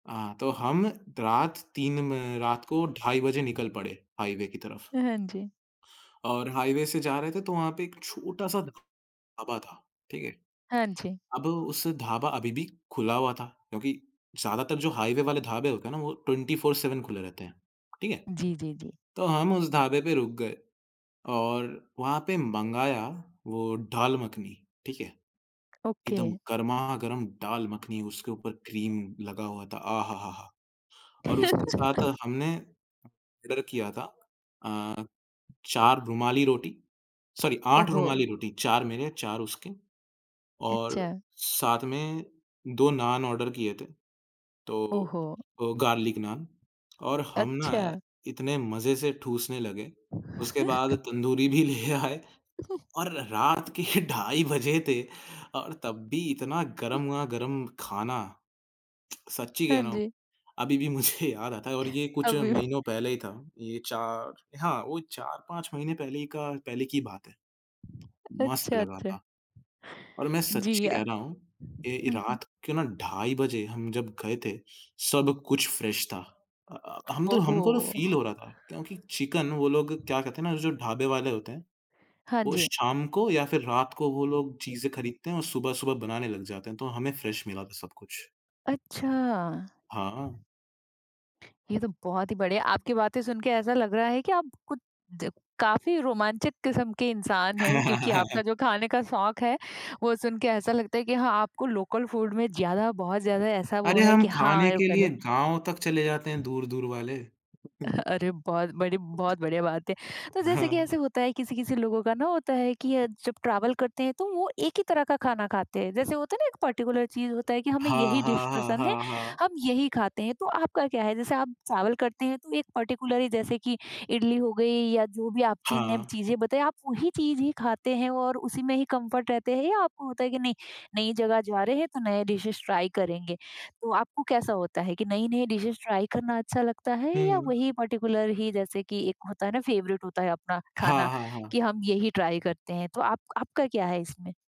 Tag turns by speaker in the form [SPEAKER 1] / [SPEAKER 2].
[SPEAKER 1] हाँ, तो हम रात 3 म रात को ढाई बजे निकल पड़े, हाईवे की तरफ।
[SPEAKER 2] अ, हाँ जी।
[SPEAKER 1] और हाईवे से जा रहे थे तो वहाँ पे एक छोटा-सा ढ़ ढाबा था, ठीक है।
[SPEAKER 2] हाँ जी।
[SPEAKER 1] अब उस ढाबा अभी भी खुला हुआ था क्योंकि ज़्यादातर जो हाईवे वाले ढाबे होते हैं ना वो 24-7 खुले रहते हैं, ठीक है,
[SPEAKER 2] जी, जी, जी।
[SPEAKER 1] तो हम उस ढाबे पे रुक गए और वहाँ पे मँगाया वो ढ़ाल मखनी, ठीक है।
[SPEAKER 2] ओके।
[SPEAKER 1] एकदम गरमा-गरम दाल मखनी उसके ऊपर क्रीम लगा हुआ था, आ हा, हा, हा! और उसके साथ हमने ऑर्डर किया था अ, 4 रूमाली रोटी सॉरी
[SPEAKER 2] ओह,
[SPEAKER 1] 8
[SPEAKER 2] हो!
[SPEAKER 1] रुमाली रोटी, 4 मेरे, 4 उसके और
[SPEAKER 2] अच्छा।
[SPEAKER 1] साथ में 2 नान ऑर्डर किए थे। तो
[SPEAKER 2] ओह हो!
[SPEAKER 1] वो गार्लिक नान और हम ना
[SPEAKER 2] अच्छा।
[SPEAKER 1] इतने मजे से ठूँसने लगे, उसके बाद तंदूरी भी ले आए और र रात के ढाई बजे थे और तब भी इतना
[SPEAKER 2] उ
[SPEAKER 1] गरमा-गरम खाना। सच्ची
[SPEAKER 2] हाँ
[SPEAKER 1] कह रहा हूँ
[SPEAKER 2] जी।
[SPEAKER 1] अभी भी मुझे याद आता है और ये कुछ
[SPEAKER 2] अभी।
[SPEAKER 1] महीनों पहले ही था ये 4 हाँ, वो 4-5 महीने पहले का पहले की बात है। मस्त
[SPEAKER 2] अच्छा,
[SPEAKER 1] लगा
[SPEAKER 2] अच्छा।
[SPEAKER 1] था, और मैं
[SPEAKER 2] जी
[SPEAKER 1] सच्ची
[SPEAKER 2] अ,
[SPEAKER 1] कह रहा हूँ ए
[SPEAKER 2] हुँ, हुँ।
[SPEAKER 1] रात के ना ढाई बजे हम जब गए थे, सब कुछ फ्रेश था। अ अ, हम
[SPEAKER 2] ओह
[SPEAKER 1] तो हमको फील
[SPEAKER 2] हो!
[SPEAKER 1] हो रहा था क्योंकि चिकन वो लोग क्या कहते हैं ना, जो ढाबे वाले होते हैं,
[SPEAKER 2] हाँ
[SPEAKER 1] वो
[SPEAKER 2] जी।
[SPEAKER 1] शाम को या फिर रात को वो लोग चीज़ें खरीदते हैं और सुबह-सुबह बनाने लग जाते हैं, तो हमें फ्रेश मिला था सब कुछ।
[SPEAKER 2] अच्छा।
[SPEAKER 1] हाँ।
[SPEAKER 2] ये तो बहुत ही बढ़िया। आपकी बातें सुन के ऐसा लग रहा है कि आप कुछ काफ़ी रोमांचक किस्म के इंसान हैं, क्योंकि आपका जो खाने का शौक है वो सुन के ऐसा लगता है कि हाँ, आपको लोकल फूड में ज़्यादा, बहुत ज़्यादा ऐसा वो
[SPEAKER 1] अरे,
[SPEAKER 2] है
[SPEAKER 1] हम
[SPEAKER 2] कि हाँ,
[SPEAKER 1] खाने
[SPEAKER 2] ये भी
[SPEAKER 1] के
[SPEAKER 2] कर
[SPEAKER 1] लिए
[SPEAKER 2] ले।
[SPEAKER 1] गाँव तक चले जाते हैं, दूर-दूर वाले।
[SPEAKER 2] अ, अरे, बहुत बड़ी बहुत बढ़िया बात है, तो
[SPEAKER 1] अ,
[SPEAKER 2] जैसे कि
[SPEAKER 1] हाँ।
[SPEAKER 2] ऐसे होता है किसी-किसी लोगों का ना होता है कि अ, जब ट्रैवल करते हैं तो वो एक ही तरह का खाना खाते हैं, जैसे होता है ना एक पर्टिकुलर चीज़ होता है कि हमें यही
[SPEAKER 1] हाँ,
[SPEAKER 2] डिश
[SPEAKER 1] हाँ, हाँ,
[SPEAKER 2] पसंद है,
[SPEAKER 1] हाँ, हाँ।
[SPEAKER 2] हम यही खाते हैं तो आपका क्या है? जैसे आप ट्रैवल करते हैं तो एक पर्टिकुलर ही जैसे कि इडली हो गई या जो भी आप ची नेम
[SPEAKER 1] हाँ।
[SPEAKER 2] चीज़ें बताई आप वही चीज़ ही खाते हैं और उसी में ही कम्फर्ट रहते हैं या आपको होता है कि नहीं, नई जगह जा रहे हैं तो नए डिशेज ट्राई करेंगे? तो आपको कैसा होता है कि नई-नई डिशेज ट्राई करना अच्छा लगता है या
[SPEAKER 1] हुँ।
[SPEAKER 2] वही पर्टिकुलर ही जैसे कि एक होता है ना फेवरेट होता है अपना खाना
[SPEAKER 1] हाँ, हाँ,
[SPEAKER 2] कि
[SPEAKER 1] हाँ।
[SPEAKER 2] हम यही ट्राई करते हैं, तो आप आपका क्या है इसमें?